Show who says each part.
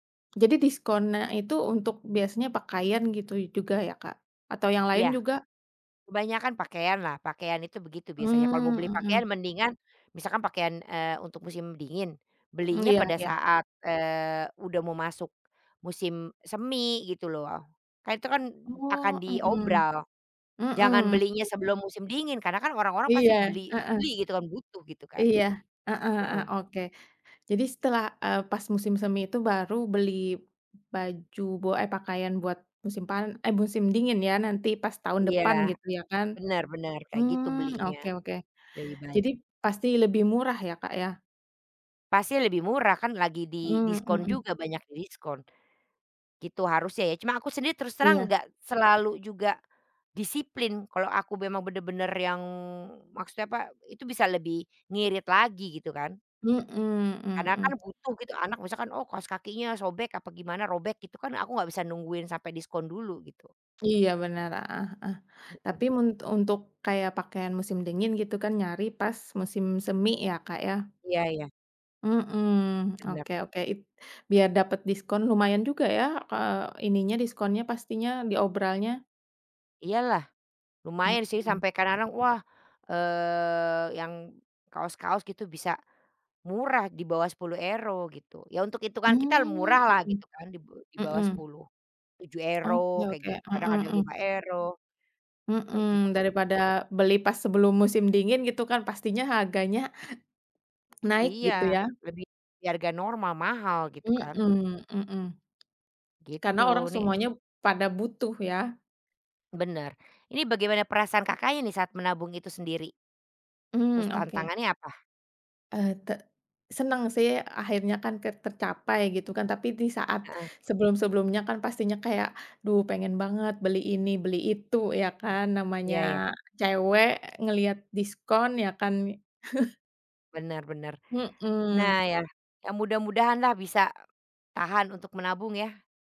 Speaker 1: Jadi diskonnya itu untuk biasanya pakaian gitu y juga ya, Kak? Atau yang
Speaker 2: Iya.
Speaker 1: lain juga?
Speaker 2: Kebanyakan pakaian, lah. Pakaian itu begitu, biasanya. Kalo mau beli
Speaker 1: Mmm,
Speaker 2: pakaian,
Speaker 1: mhm.
Speaker 2: mendingan misalkan pakaian, eee, untuk musim dingin,
Speaker 1: M
Speaker 2: belinya
Speaker 1: iya
Speaker 2: pada
Speaker 1: iya.
Speaker 2: saat, eee, udah mau masuk musim semi, gitu loh. Kan itu kan, akan
Speaker 1: Oh, mhm.
Speaker 2: diobral. Jangan
Speaker 1: Mhm,
Speaker 2: belinya
Speaker 1: iya.
Speaker 2: sebelum musim dingin, karena kan orang-orang
Speaker 1: Iya,
Speaker 2: pasti beli
Speaker 1: heeh.
Speaker 2: beli gitu kan, butuh gitu kan.
Speaker 1: Iya. Heeh heeh,
Speaker 2: Heeh.
Speaker 1: oke. Jadi setelah, eee, pas musim semi itu baru beli baju bo eh pakaian buat musim pan eh musim dingin ya, nanti pas tahun
Speaker 2: Iya.
Speaker 1: depan, gitu ya, kan?
Speaker 2: Bener bener, kayak gitu
Speaker 1: Mmm,
Speaker 2: belinya.
Speaker 1: oke oke.
Speaker 2: Lebih baik.
Speaker 1: Jadi, pasti lebih murah ya Kak, ya?
Speaker 2: Pasti lebih murah kan lagi
Speaker 1: Mmm,
Speaker 2: didiskon
Speaker 1: mhm.
Speaker 2: juga, banyak didiskon. Gitu harusnya ya. Cuma aku sendiri terus terang,
Speaker 1: Iya.
Speaker 2: nggak selalu juga disiplin, kalo aku memang bener-bener yang maksudnya apa? Itu bisa lebih ngirit lagi, gitu kan.
Speaker 1: Mhm
Speaker 2: Karena kan
Speaker 1: mhm.
Speaker 2: butuh gitu. Anak misalkan, oh kaos kakinya sobek, apa gimana, robek gitu kan, aku nggak bisa nungguin sampai diskon dulu, gitu.
Speaker 1: Iya bener, heeh heeh.
Speaker 2: Mhm.
Speaker 1: Tapi men untuk kayak pakaian musim dingin gitu kan, nyari pas musim semi ya Kak, ya?
Speaker 2: Iya iya.
Speaker 1: Mhm,
Speaker 2: Bener.
Speaker 1: oke oke. It biar dapet diskon lumayan juga, ya? Ke ininya diskonnya, pastinya diobralnya.
Speaker 2: Iya lah. Lumayan sih,
Speaker 1: Mhm.
Speaker 2: sampe kadang-kadang, wah, eee yang kaos-kaos gitu bisa murah, di bawah 10 euro, gitu. Ya untuk itungan kita
Speaker 1: Mmm.
Speaker 2: murah lah, gitu kan di be di
Speaker 1: Heeh.
Speaker 2: bawah
Speaker 1: Heeh.
Speaker 2: 10, 7
Speaker 1: Oke
Speaker 2: euro kayak
Speaker 1: oke.
Speaker 2: gitu,
Speaker 1: Heeh
Speaker 2: kadang ada
Speaker 1: heeh.
Speaker 2: 5 euro, kayak
Speaker 1: Heeh.
Speaker 2: gitu.
Speaker 1: Daripada beli pas sebelum musim dingin, gitu kan. Pastinya harganya, ha naik
Speaker 2: Iya.
Speaker 1: gitu ya?
Speaker 2: Lebih dari harga normal, mahal gitu kan.
Speaker 1: Mhm, mhm. Karena
Speaker 2: Gitu,
Speaker 1: orang
Speaker 2: ni
Speaker 1: semuanya, pada butuh ya?
Speaker 2: Bener. Ini bagaimana perasaan Kakaknya nih, saat menabung itu sendiri?
Speaker 1: Mmm,
Speaker 2: Terus
Speaker 1: oke.
Speaker 2: tantangannya apa?
Speaker 1: Eh, te senang sih, akhirnya kan ke tercapai, gitu kan? Tapi di saat
Speaker 2: Heeh.
Speaker 1: sebelum-sebelumnya kan, pastinya kayak, duh pengen banget beli ini, beli itu, ya kan? Namanya
Speaker 2: Ya ya.
Speaker 1: cewek ngeliat diskon, ya kan?
Speaker 2: Bener bener. Nah
Speaker 1: Mhm.
Speaker 2: ya, ya mudah-mudahan lah bisa e tahan untuk menabung, ya?